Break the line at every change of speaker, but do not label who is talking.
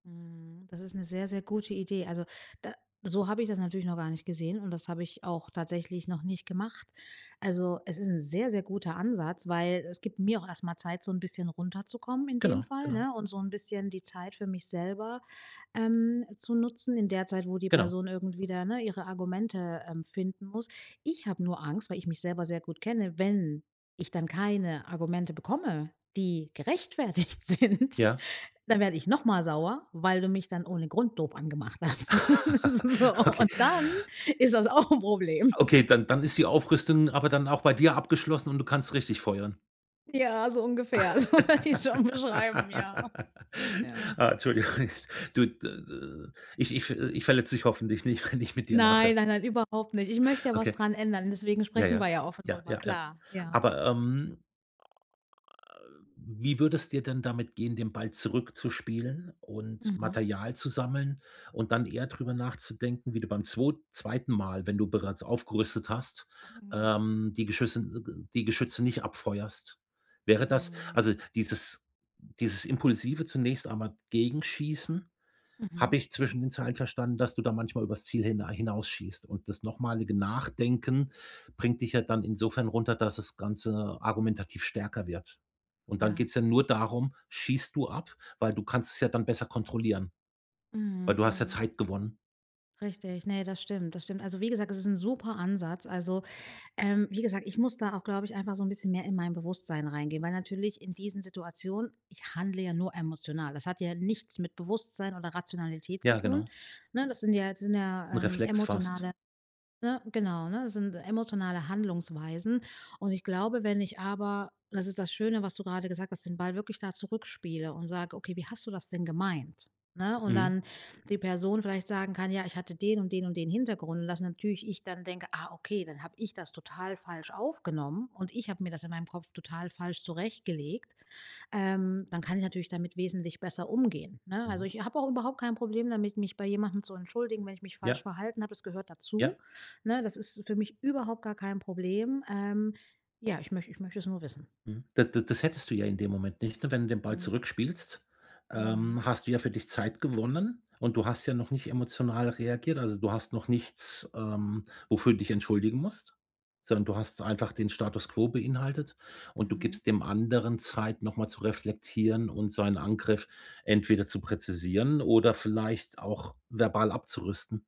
Mhm. Das ist 'ne sehr, sehr gute Idee. Also, da so habe ich das natürlich noch gar nicht gesehen, und das habe ich auch tatsächlich noch nicht gemacht. Also, es ist 'n sehr, sehr guter Ansatz, weil es gibt mir auch erst mal Zeit, so 'n bisschen runterzukommen in dem
Genau,
Fall,
genau.
ne, und so 'n bisschen die Zeit für mich selber, ähm, zu nutzen in der Zeit, wo die
Genau.
Person irgendwie da, ne, ihre Argumente, ähm, finden muss. Ich habe nur Angst, weil ich mich selber sehr gut kenne, wenn ich dann keine Argumente bekomme, die gerechtfertigt sind,
Ja.
dann werde ich noch mal sauer, weil du mich dann ohne Grund doof angemacht hast. So,
Okay.
und dann ist das auch 'n Problem.
Okay, dann dann ist die Aufrüstung aber dann auch bei dir abgeschlossen und du kannst richtig feuern.
Ja, so ungefähr. so werd ich's schon beschreiben, ja. Ja.
Ah, Entschuldigung. Du d d ich ich v ich verletze dich hoffentlich nicht, wenn ich mit dir
Nein,
lache.
nein, nein, überhaupt nicht. Ich möchte ja was
Okay.
daran ändern, deswegen
Ja,
sprechen
ja.
wir ja auch offen
Ja,
drüber,
ja, ja.
klar, ja.
Aber, ähm Wie würde es dir denn damit gehen, den Ball zurückzuspielen und
Mhm.
Material zu sammeln und dann eher drüber nachzudenken, wie du beim zwo 2. Mal wenn du bereits aufgerüstet hast,
Mhm.
ähm, die Geschüsse, d d die Geschütze nicht abfeuerst? Wäre das
Mhm.
also dieses dieses impulsive zunächst einmal Gegenschießen,
Mhm.
habe ich zwischen den Zeilen verstanden, dass du da manchmal übers Ziel hinei hinausschießt. Und das nochmalige Nachdenken bringt dich ja dann insofern runter, dass das Ganze argumentativ stärker wird. Und dann
Ja.
geht's ja nur darum, schießt du ab? Weil du kannst es ja dann besser kontrollieren, weil
Mhm,
du hast ja
mhm.
Zeit gewonnen.
Richtig. Ne, das stimmt. Das stimmt. Also wie gesagt, das ist 'n super Ansatz. Also, ähm, wie gesagt, ich muss da auch, glaube ich, einfach so 'n bisschen mehr in mein Bewusstsein reingehen, weil natürlich in diesen Situationen ich handle ja nur emotional. Das hat ja nichts mit Bewusstsein oder Rationalität zu
Ja,
tun,
genau.
ne? Das sind ja sind ja,
'N
ähm,
Reflex fast.
emotionale, ne genau, ne? Sind emotionale Handlungsweisen. Und ich glaube, wenn ich aber- das ist das Schöne, was du gerade gesagt hast- den Ball wirklich da zurückspiele und sag: „Okay, wie hast du das denn gemeint?”, ne, und
Mhm.
dann die Person vielleicht sagen kann: „Ja, ich hatte den und den und den Hintergrund”, und dass natürlich ich dann denke: „Ah okay, dann hab ich das total falsch aufgenommen, und ich hab mir das in meinem Kopf total falsch zurechtgelegt.” Ähm, dann kann ich natürlich damit wesentlich besser umgehen, ne? Also,
Mhm.
ich hab auch überhaupt kein Problem damit, mich bei jemandem zu entschuldigen, wenn ich mich falsch
Ja.
verhalten hab. Es gehört dazu,
Ja.
ne? Das ist für mich überhaupt gar kein Problem. Ähm. Ja, ich möch ich möchte es nur wissen.
Mhm. Da da das hättest du ja in dem Moment, nicht nur wenn du den Ball
Mhm.
zurückspielst,
Mhm.
ähm, hast du ja für dich Zeit gewonnen, und du hast ja noch nicht emotional reagiert. Also du hast noch nichts, ähm, wofür du dich entschuldigen musst. Sondern du hast einfach den Status quo beinhaltet, und du
Mhm.
gibst dem anderen Zeit, nochmal zu reflektieren und so einen Angriff entweder zu präzisieren oder vielleicht auch verbal abzurüsten.